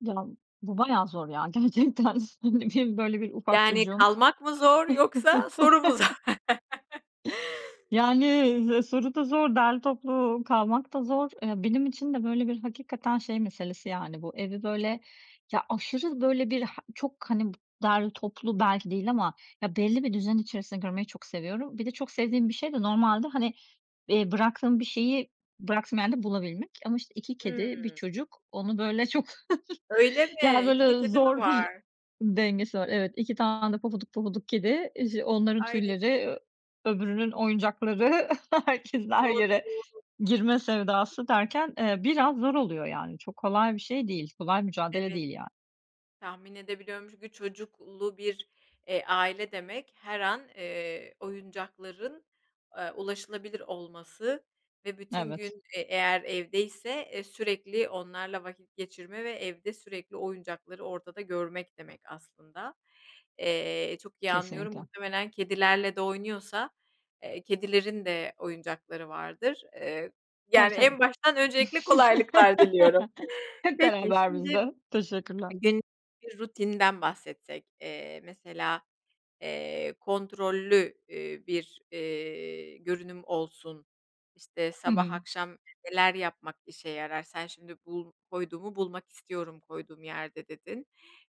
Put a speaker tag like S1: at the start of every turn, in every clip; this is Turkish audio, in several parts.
S1: Ya, bu bayağı zor ya, gerçekten, ne diyeyim, böyle, bir ufak
S2: Yani,
S1: çocuğum.
S2: kalmak mı zor yoksa soru mu zor?
S1: Yani, soru da zor, derli toplu kalmak da zor. Eee, benim için de böyle bir hakikaten şey meselesi yani bu evi böyle ya aşırı böyle bir, çok, hani, dar toplu belki değil ama ya belli bir düzen içerisinde görmeyi çok seviyorum. Bir de çok sevdiğim bir şey de normalde, hani, eee, bıraktığım bir şeyi bıraktığım yerde bulabilmek ama, işte, 2 kedi, 1
S2: Hımm.
S1: çocuk, onu böyle çok,
S2: Öyle
S1: yani,
S2: mi? 2 de
S1: böyle
S2: kedi mi
S1: zor bir
S2: var?
S1: dengesi var. Evet, 2 tane de pofuduk pofuduk kedi, [unintelligible] onların
S2: Ay! [unintelligible]
S1: tüyleri, öbürünün oyuncakları, herkesin her
S2: Doğru,
S1: yere
S2: doğru.
S1: girme sevdası derken, eee, biraz zor oluyor, yani. Çok kolay bir şey değil, kolay mücadele
S2: Evet.
S1: değil, yani.
S2: Tahmin edebiliyorum çünkü çocuklu bir, eee, aile demek her an, eee, oyuncakların, aaa, ulaşılabilir olması ve bütün gün,
S1: Evet.
S2: e, eğer evdeyse, e sürekli onlarla vakit geçirme ve evde sürekli oyuncakları ortada görmek demek aslında. Eee, çok iyi anlıyorum.
S1: Kesinlikle.
S2: Muhtemelen kedilerle de oynuyorsa, eee, kedilerin de oyuncakları vardır. Iıı,
S1: Tabii,
S2: yani,
S1: tabii.
S2: en baştan öncelikle kolaylıklar diliyorum.
S1: Hep
S2: Peki,
S1: beraber biz
S2: şimdi
S1: de. Teşekkürler.
S2: günlük bir rutininden bahsetsek. Eee, mesela, eee, kontrollü, ııı, bir, eee, görünüm olsun. İşte,
S1: Hı
S2: sabah
S1: hı.
S2: akşam neler yapmak işe yarar? Sen şimdi "Bul koyduğumu bulmak istiyorum, koyduğum yerde." dedin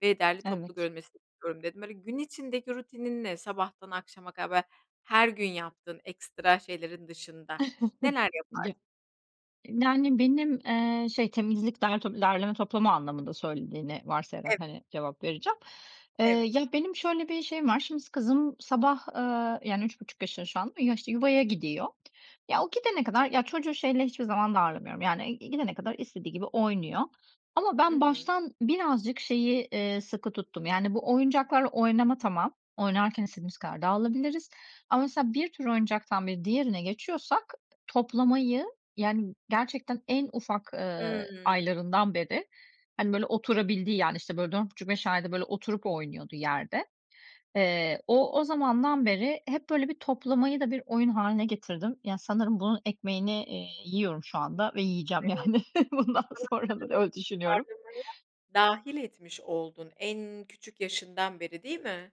S2: ve "Derli toplu
S1: Evet.
S2: görünmesi istiyorum." dedin. Hani, gün içindeki rutininle sabahtan akşama kadar, her gün yaptığın ekstra şeylerin dışında neler yaparsın?
S1: [unintelligible] Yani, benim, eee, şey, temizlik, dert derleme toplama anlamında söylediğini varsayarak,
S2: Evet.
S1: hani, cevap vereceğim. Eee,
S2: Evet.
S1: ya benim şöyle bir şeyim var; şimdi kızım sabah, ııı, yani 3,5 yaşında şu anda ama ya, işte, yuvaya gidiyor. Ya, o gidene kadar, ya çocuğu şeyle hiçbir zaman darlamıyorum, yani. Gidene kadar istediği gibi oynuyor. Ama
S2: I
S1: ben
S2: hı.
S1: baştan birazcık şeyi, eee, sıkı tuttum. Yani, bu oyuncaklarla oynama, tamam, oynarken istediğimiz kadar dağılabiliriz ama, mesela, bir tür oyuncaktan bir diğerine geçiyorsak, toplamayı, yani, gerçekten en ufak,
S2: Hıı.
S1: eee, aylarından beri, hani, böyle oturabildiği, yani, işte, böyle, 4,5-5 ayda böyle oturup oynuyordu yerde. Eee, o o zamandan beri hep böyle bir toplamayı da bir oyun hâline getirdim. Yani, sanırım bunun ekmeğini, eee, yiyorum şu anda ve yiyeceğim,
S2: Evet.
S1: yani. Bundan sonra da öyle düşünüyorum.
S2: [unintelligible] Dâhil etmiş oldun, en küçük yaşından beri, değil mi?